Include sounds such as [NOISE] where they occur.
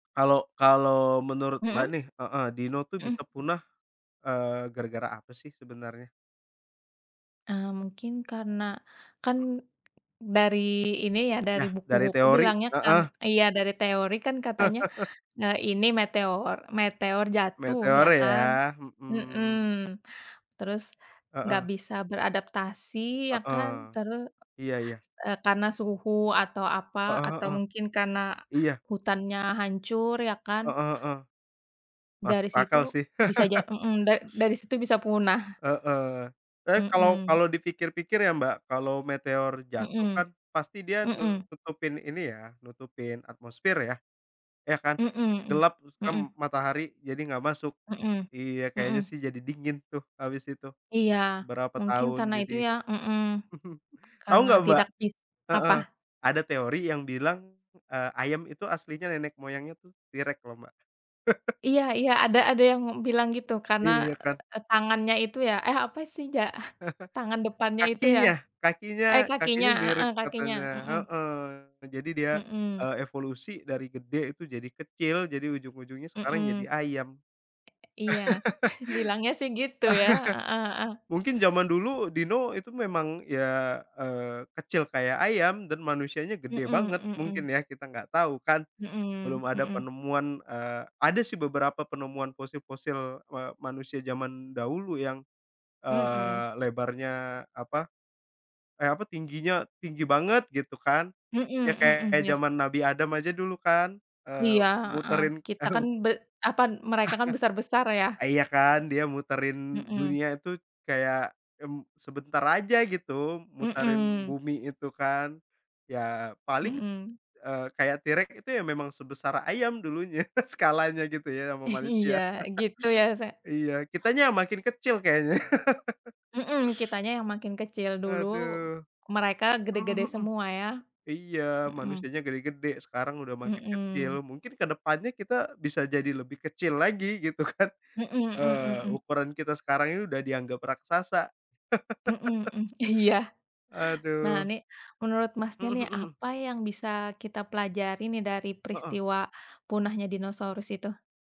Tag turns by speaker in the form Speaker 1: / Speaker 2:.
Speaker 1: Kalau kalau menurut, Mbak,
Speaker 2: Hmm.
Speaker 1: nih, heeh, dinosaurus, tuh,
Speaker 2: Hmm.
Speaker 1: bisa punah, eee, gara-gara apa, sih, sebenarnya?
Speaker 2: Eee, mungkin, karena kan,
Speaker 1: Hmm.
Speaker 2: dari ini, ya, dari
Speaker 1: Nah, dari
Speaker 2: buku-buku
Speaker 1: teori,
Speaker 2: bilangnya kan
Speaker 1: heeh.
Speaker 2: iya, dari teori, kan, katanya,
Speaker 1: [CHUCKLES]
Speaker 2: eee, ini meteor meteor jatuh,
Speaker 1: Meteor,
Speaker 2: ya, kan?
Speaker 1: ya?
Speaker 2: Hmm.
Speaker 1: Hmm.
Speaker 2: Terus, enggak
Speaker 1: Heeh.
Speaker 2: bisa beradaptasi, ya, kan?
Speaker 1: Heeh.
Speaker 2: Terus,
Speaker 1: Iya iya.
Speaker 2: eee, karena suhu atau apa
Speaker 1: Heeh
Speaker 2: atau
Speaker 1: heeh.
Speaker 2: mungkin karena
Speaker 1: Iya.
Speaker 2: hutannya hancur, ya, kan?
Speaker 1: Heeh heeh.
Speaker 2: Dari
Speaker 1: Masuk akal,
Speaker 2: situ
Speaker 1: sih.
Speaker 2: bisa ja
Speaker 1: [LAUGHS]
Speaker 2: hmm. Da dari situ bisa punah.
Speaker 1: Heeh. Tapi, kalau
Speaker 2: Hmm.
Speaker 1: kalau dipikir-pikir, ya, Mbak, kalau meteor jatuh,
Speaker 2: Hmm,
Speaker 1: kan, pasti dia
Speaker 2: hmm.
Speaker 1: nutupin ini, ya, nutupin atmosfer, ya. Ya, kan?
Speaker 2: Hmm hmm
Speaker 1: Gelap, hitam,
Speaker 2: hmm.
Speaker 1: matahari jadi enggak masuk.
Speaker 2: Hmm,
Speaker 1: Iya, kayaknya,
Speaker 2: hmm.
Speaker 1: sih, jadi dingin, tuh, habis itu.
Speaker 2: Iya.
Speaker 1: Berapa
Speaker 2: Mungkin
Speaker 1: tahun
Speaker 2: karena itu,
Speaker 1: jadi
Speaker 2: ya. Hmm.
Speaker 1: [CHUCKLES] Tahu
Speaker 2: Karena
Speaker 1: enggak, Mbak
Speaker 2: tidak bis
Speaker 1: heeh,
Speaker 2: Apa?
Speaker 1: ada teori yang bilang, eee, ayam itu aslinya nenek moyangnya, tuh, T-Rex, loh, Mbak. [CHUCKLES]
Speaker 2: Iya iya. Ada ada yang bilang gitu, karena,
Speaker 1: Iya, kan?
Speaker 2: eee, tangannya itu, ya eh, apa, sih, ja tangan
Speaker 1: [CHUCKLES]
Speaker 2: depannya itu, ya.
Speaker 1: Kakinya,
Speaker 2: Eh,
Speaker 1: kakinya
Speaker 2: kakinya.
Speaker 1: kakinya mirip,
Speaker 2: Heeh, kakinya.
Speaker 1: katanya.
Speaker 2: Hmm.
Speaker 1: Heeh. Jadi dia,
Speaker 2: Hmm.
Speaker 1: eee, evolusi dari gede itu jadi kecil, jadi ujung-ujungnya sekarang jadi
Speaker 2: Hmm.
Speaker 1: ayam.
Speaker 2: Iya. Bilangnya, sih, gitu, ya. Heeh heeh.
Speaker 1: [LAUGHS] Mungkin zaman dulu dino itu memang, ya, eee, kecil kayak ayam, dan manusianya
Speaker 2: Hmm
Speaker 1: gede banget.
Speaker 2: hmm
Speaker 1: Mungkin,
Speaker 2: hmm.
Speaker 1: ya, kita enggak tahu, kan.
Speaker 2: Hmm
Speaker 1: Belum ada
Speaker 2: hmm.
Speaker 1: penemuan eee, ada, sih, beberapa penemuan fosil-fosil, eee, manusia zaman dahulu yang,
Speaker 2: Hmm.
Speaker 1: eee, lebarnya apa eh, apa tingginya tinggi banget, gitu, kan.
Speaker 2: Hmm
Speaker 1: Ya,
Speaker 2: hmm,
Speaker 1: kayak
Speaker 2: iya.
Speaker 1: zaman Nabi Adam aja dulu, kan? Eee,
Speaker 2: Iya, heeh.
Speaker 1: muterin
Speaker 2: Kita, kan,
Speaker 1: kaum.
Speaker 2: be apa, mereka,
Speaker 1: [CHUCKLES]
Speaker 2: kan, besar-besar, ya?
Speaker 1: Iya, kan? Dia muterin
Speaker 2: Hmm.
Speaker 1: dunia itu kayak, mmm, sebentar aja, gitu, muterin
Speaker 2: Hmm.
Speaker 1: bumi itu, kan? Ya, paling,
Speaker 2: Hmm.
Speaker 1: eee, kayak T-Rex itu, ya, memang sebesar ayam dulunya, skalanya, gitu, ya, sama manusia.
Speaker 2: Iya. Gitu, ya, sa
Speaker 1: [CHUCKLES] Iya, kitanya makin kecil kayaknya.
Speaker 2: Hmm. Kitanya yang makin
Speaker 1: [CHUCKLES]
Speaker 2: kecil.
Speaker 1: [INHALES]
Speaker 2: Dulu,
Speaker 1: Aduh.
Speaker 2: mereka
Speaker 1: Hmm
Speaker 2: gede-gede
Speaker 1: hmm.
Speaker 2: semua, ya.
Speaker 1: Iya,
Speaker 2: Hmm.
Speaker 1: manusianya gede-gede, sekarang udah makin
Speaker 2: Hmm.
Speaker 1: kecil. Mungkin ke depannya kita bisa jadi lebih kecil lagi, gitu, kan.
Speaker 2: Hmm hmm hmm
Speaker 1: Eee,
Speaker 2: hmm.
Speaker 1: ukuran kita sekarang ini udah dianggap raksasa.
Speaker 2: Hmm hmm. Iya.
Speaker 1: [CHUCKLES]
Speaker 2: Nah,
Speaker 1: Aduh.
Speaker 2: nih, menurut Masnya,
Speaker 1: Hmm
Speaker 2: nih,
Speaker 1: hmm.
Speaker 2: apa yang bisa kita pelajari, nih, dari
Speaker 1: Heeh.
Speaker 2: peristiwa punahnya dinosaurus itu?